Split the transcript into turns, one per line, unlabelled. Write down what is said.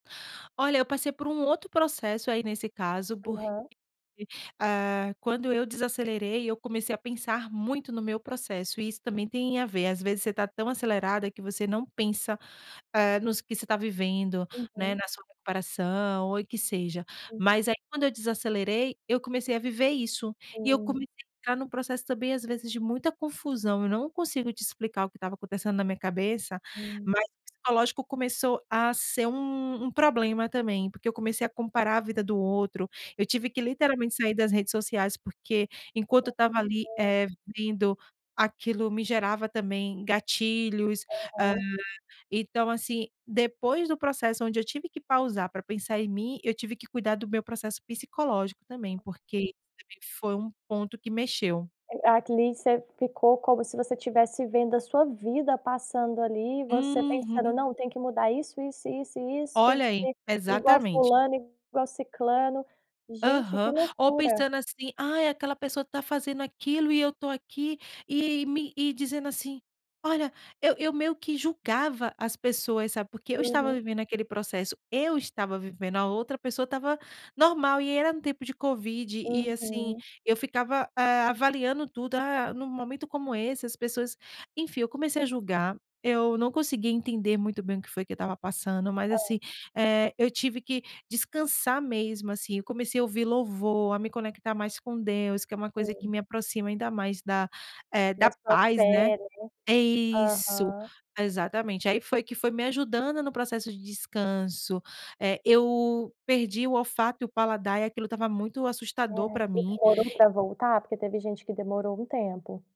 Olha, eu passei por um outro processo aí nesse caso
Aham.
[unintelligible] eh, quando eu desacelerei eu comecei a pensar muito no meu processo e isso também tem a ver. Às vezes você está tão acelerada que você não pensa, eh, nos que você está vivendo, né,
Uhum.
na sua recuperação ou em que seja.
Hum.
Mas aí quando eu desacelerei, eu comecei a viver isso e eu
Hum.
comecei entrar num processo também, às vezes, de muita confusão. Eu não consigo te explicar o que estava acontecendo na minha cabeça,
Hum.
mas o psicológico começou a ser um um problema também. Porque eu comecei a comparar a vida do outro, eu tive que literalmente sair das redes sociais, porque enquanto eu estava ali,
[unintelligible]
eh, vendo aquilo, me gerava também gatilhos. Ah,
Aham.
então, assim, depois do processo onde eu tive que pausar pra pensar em mim, eu tive que cuidar do meu processo psicológico também, porque [unintelligible] foi um ponto que mexeu.
[unintelligible] Ficou como se você tivesse vendo a sua vida passando ali e você pensando:
Uhum.
"Não, tem que mudar isso, isso, isso e isso. Tem que
Olha aí,
ser igual
exatamente.
fulano, igual ciclano". Gente, que
Aham. Ou
loucura.
pensando assim: "Ai, aquela pessoa tá fazendo aquilo e eu tô aqui". E me e dizendo assim, olha, eu eu meio que julgava as pessoas, sabe. Porque eu estava
Uhum.
vivendo aquele processo, eu estava vivendo, a outra pessoa estava normal e era no tempo de covid. E, assim,
Uhum.
eu ficava, ah, avaliando tudo, ah, num momento como esse as pessoas enfim. Eu comecei a julgar, eu não conseguia entender muito bem o que foi que eu estava passando, mas,
Hã.
assim, eh, eu tive que descansar mesmo, assim. Eu comecei a ouvir louvor, a me conectar mais com Deus, que é uma coisa que
Sim.
me aproxima ainda mais, da, eh,
Da sua
paz né
fé, né,
isso,
aham.
exatamente. Aí foi que foi me ajudando no processo de descanso, eh, eu perdi o olfato e o paladar, e aquilo estava muito
É.
assustador pra
E
mim.
demorou pra voltar? Porque teve gente que demorou um tempo.